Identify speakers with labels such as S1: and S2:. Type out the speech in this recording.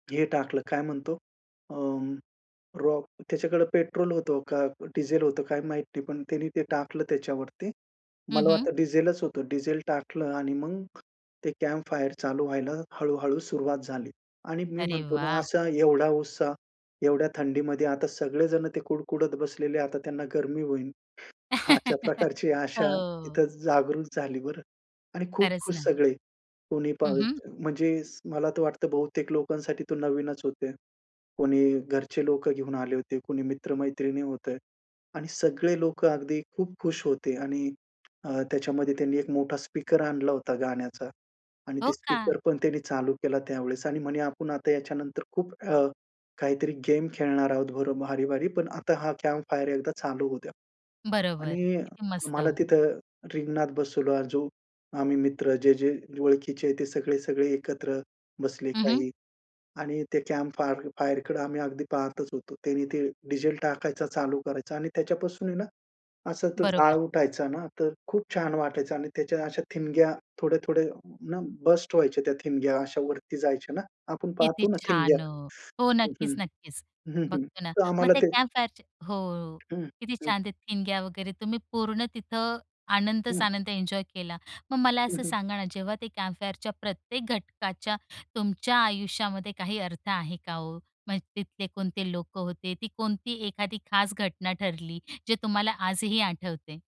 S1: हे टाकलं काय म्हणतो, अ, रॉक त्याच्याकडे पेट्रोल होतं का डीझेल होतं काय माहित नाही, पण त्यांनी ते टाकलं त्याच्यावरती.
S2: हं,
S1: मला
S2: हं.
S1: वाटतं डीझेलच होतं डीझेल टाकलं आणि मग, ते कॅम्प फायर चालू व्हायला हळू-हळू सुरुवात झाली. आणि मी
S2: अरे
S1: म्हणतो ना,
S2: वाह!
S1: असा एवढा उत्साह. एवढ्या थंडीमध्ये आता सगळेजण ते कुडकुडत बसलेले आता त्यांना गरमी होईल. अशा प्रकारची आशा
S2: हो.
S1: इथं जागृत झाली बरं आणि खूप
S2: खरंच
S1: खुश
S2: ना.
S1: सगळे. कोणी पाह
S2: हं, हं.
S1: म्हणजे मला तर वाटतं बहुतेक लोकांसाठी तो नवीनच होते. कुणी घरचे लोकं घेऊन आले होते, कुणी मित्र-मैत्रिणी होते. आणि सगळे लोकं अगदी खूप खुश होते आणि अ, त्याच्यामध्ये त्यांनी एक मोठा स्पीकर आणला होता गाण्याचा आणि
S2: हो
S1: ते
S2: का?
S1: स्पीकर पण त्यांनी चालू केला त्यावेळेस आणि म्हणे आपण आता याच्यानंतर खूप अ, काहीतरी गेम खेळणार आहोत बरं भारी-भारी पण आता हा कॅम्प फायर एकदा चालू होऊ द्या.
S2: बरोबर.
S1: आणि
S2: किती
S1: मला
S2: मस्त.
S1: तिथं रिंगणात बसवला. जो आम्ही मित्र जे-जे ओळखीचे आहेत ते सगळे-सगळे एकत्र बसले
S2: हं, हं.
S1: काही आणि ते कॅम्प फायर फायरकडे आम्ही अगदी पाहतच होतो. त्याने ते डीझेल टाकायचा, चालू करायचा आणि त्याच्यापासून आहे ना असा तो जाळ
S2: बरोबर.
S1: उठायचा ना, तर खूप छान वाटायचं आणि त्याच्या अशा ठिणग्या थोड्या-थोड्याना बस्ट व्हायच्या त्या ठिणग्या अशा वरती जायच्या ना आपण
S2: किती
S1: पाहतो ना ठिणग्या
S2: छान हो हो
S1: हं.
S2: नक्कीच,
S1: हं,
S2: नक्कीच.
S1: हं, हं.
S2: बघतोना,
S1: तर
S2: मग
S1: आम्हाला
S2: ते
S1: ते
S2: कॅम्प फायरच हो.
S1: हं,
S2: किती
S1: हं.
S2: छान ते ठिणग्या वगैरे तुम्ही पूर्ण तिथं
S1: हं.
S2: आनंदच-आनंद एन्जॉय केला. मग मला
S1: हं,
S2: असं
S1: हं.
S2: सांगा ना, जेव्हा ते कॅम्प फायरच्या प्रत्येक घटकाच्या, तुमच्या आयुष्यामध्ये काही अर्थ आहे का हो? मग तिथले कोणते लोकं होते ती कोणती एखादी खास घटना ठरली, जे तुम्हाला आजही आठवते?